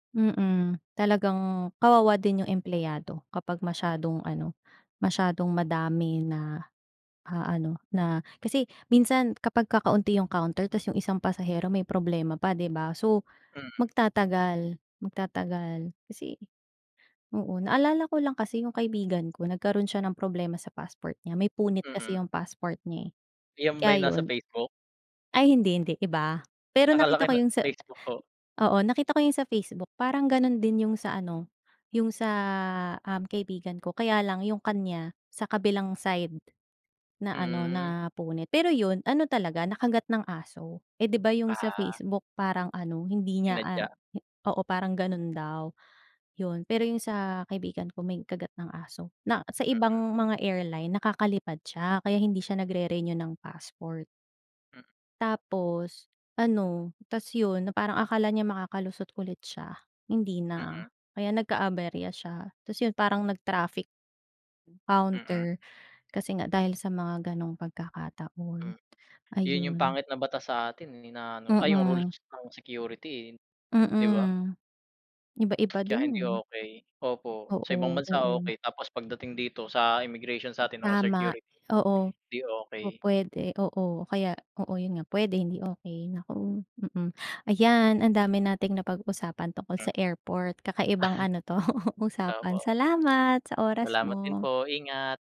Mm, talagang kawawa din yung empleyado kapag masyadong ano, masyadong madami na aano na, kasi minsan kapag kakaunti yung counter ta's yung isang pasahero may problema pa, 'di ba? So, Hmm. magtatagal, magtatagal. Kasi, oo naalala ko lang kasi yung kaibigan ko nagkaroon siya ng problema sa passport niya may punit Mm. kasi yung passport niya, eh, 'Yan ba kaya yung nasa 'yon. Facebook? Ay hindi, hindi iba, pero Akala ko nakita ko yung yung na sa, Facebook ko. oo nakita ko 'yong sa Facebook parang gano'n din yung sa ano yung sa, um, kaibigan ko, kaya lang 'yong kanya sa kabilang side naano Hmm. napunit. Pero 'yon ano, talaga nakagat ng aso, eh, 'di ba yung sa Ah. Facebook parang ano hindi niya, ah, Sinadya. oo parang gano'n daw 'yon pero yung sa kaibigan ko may kagat ng aso na sa ibang Mm. mga airline nakakalipad siya kaya hindi siya nag-re-renew ng passport. Hmm. Tapos ano, ta's 'yon na parang akala niya makakalusot ulit siya, hindi Mm. na kaya nagka-aberya siya. Ta's 'yon parang nag-traffic Mm. counter kasi nga dahil sa mga gano'ng pagkakataon Hmm, 'yon yung ayun. pangit na batas sa atin, eh, na ano, ay yung rules Mm. ng security, eh, 'di ba? Mm, iba-iba Kaya din, hindi eh. okey, opo sa ibang Oo, bansa oo. okey, tapos pagdating dito sa immigration sa'tin o Tama, security, oo 'di okey. pupwede, oo kaya oo 'yon nga, puwede hindi okey naku, mm. Ayan, ang dami nating napag-usapan tungkol sa Hmm. airport, kakaibang ano 'to, usapan Opo. salamat sa oras Salamat din mo. po, ingat.